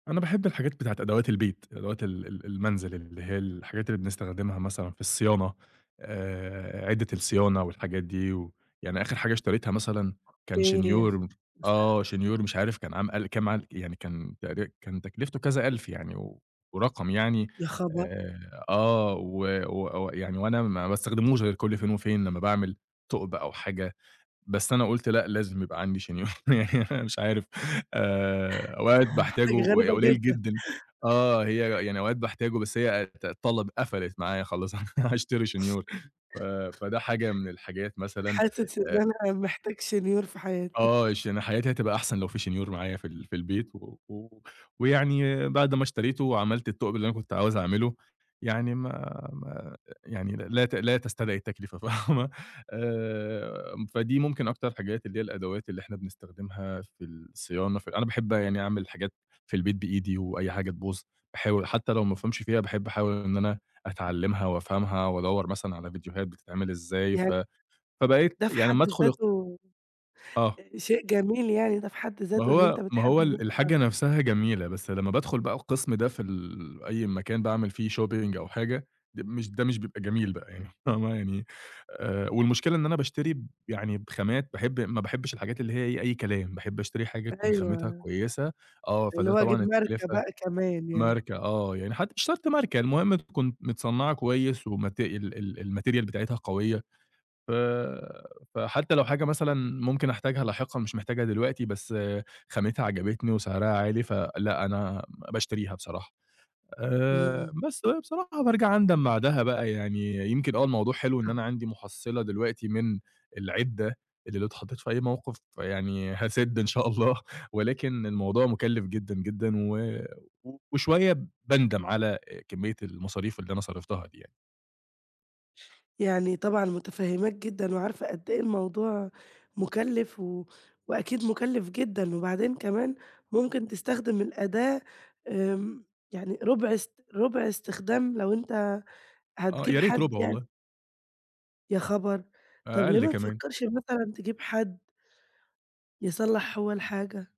أنا باحب الحاجات بتاعة أدوات البيت، أدوات ال ال المنزِل اللي هي الحاجات اللي بنستخدمها مثلًا في الصيانة آآ، عدة الصيانة والحاجات دي و يعني آخِر حاجة اشتريتها مثلًا كان أوكي. شنيور [unintelligible] آه شنيور مش عارف كان [unintelligible] يعني كان تقري كان تكلِفته كذا ألْف يعني و ورقم يعني يا خبر! آآ، آه و و ويعني وأنا ما باستخدموش غير كل فين وفين لمّا باعمل ثُقب أو حاجة، بس أنا قُلت لأ، لازم يبقى عندي شنيور، يعني أنا مش عارف آآ، أوقات حاجة باحتاجه غريبة ق قليّل جدًا. جدًا، آه، هي يعني أوقات بحتاجه، بس هي ت طلَبِ قفّلِت معايا خلاص، أنا هاشتري شنيور، ف فده حاجة من الحاجات مثلًا حاسس آآ إن أنا محتاج شنيور في حياتي. آه، عشان حياتي هتبقى أحسن لو في شنيور معايا في ال في البيت و و ويعني بَعد ما اشتريته وعمَلت الثُقب اللي أنا كنت عاوز أعمله، يعني ما ما يعني لا ت لا تستدعي التكلفة فاهمة، آآ فدي ممكن أكتر حاجات اللي هي الأدوات اللي إحنا بنستخدمها في الصيانة، في أنا باحب يعني أعمل حاجات في البيت بإيدي وأي حاجة تبُوظ باحاول حتى لو ما بافهمش فيها، باحب أحاول إن أنا أتعلّمها وأفهَمها وأدوّر مثلًا على فيديوهات بتتعمل إزاي، ف يعن فبقيت ده في يعني أمّا حد أدخُل ذاته آه. شيء جميل يعني، ده في حد ما ذاته إن هو أنت ما هو بتحب إن ال أنت الحاجة نفْسها جميلة بس لمّا بادخُل بقى القسم ده في ال أي مكان باعمل فيه shopping أو حاجة، د مش ده مش بيبقى جميل بقى يعني فاهمة، يعني آآ والمشكلة إن أنا باشتري يعني بخامات باحب ما باحبش الحاجات اللي هي أي كلام، باحب اشتري حاجة تكون خامتها أيوه. كويسة، آه الي فده هو أجيب طبعًا ماركة التكلُفة بقى كمان يعني. ماركة، آه يعني حتى مش شرْط ماركة، المهم تكون متصنّعة كويس ومت ال ال الmaterial بتاعتها قوية، ف فحتى لو حاجة مثلًا ممكن أحتاجها لاحقًا مش محتاجها دلوقتي بس خامتها عجبتني وسِعرها عالي، فلأ أنا باشتريها بصراحة آآ، امم. بس بقى بصراحة بارجَع أندَم بعدها بقى، يعني يمكن آه الموضوع حلو إن [unintelligible] أنا عندي مُحصِّلة دلوقتي من العدّة اللي لو اتحطّيت في أي موقِف يعني هاسِد إن شاء الله ولكن الموضوع مُكلّف جدًا، جدًا و وشوية باندَم على كميّة المصاريف اللي أنا صرَفتها دي يعني. يعني طبعًا متفهّماك جدًا وعارفة قد إيه الموضوع مُكلِّف و وأكيد مُكلِّف جدًا، وبعدين كمان ممكن تستخدم الأداة آمم، يعني رُبع إست رُبع إستخدام لو أنت آه يا هتجيب ريت حد رُبع يعني. والله. يا خبر! طَب ليه أقل ما كمان. تفكّرش مثلًا تجيب حد يصلّح هو الحاجة.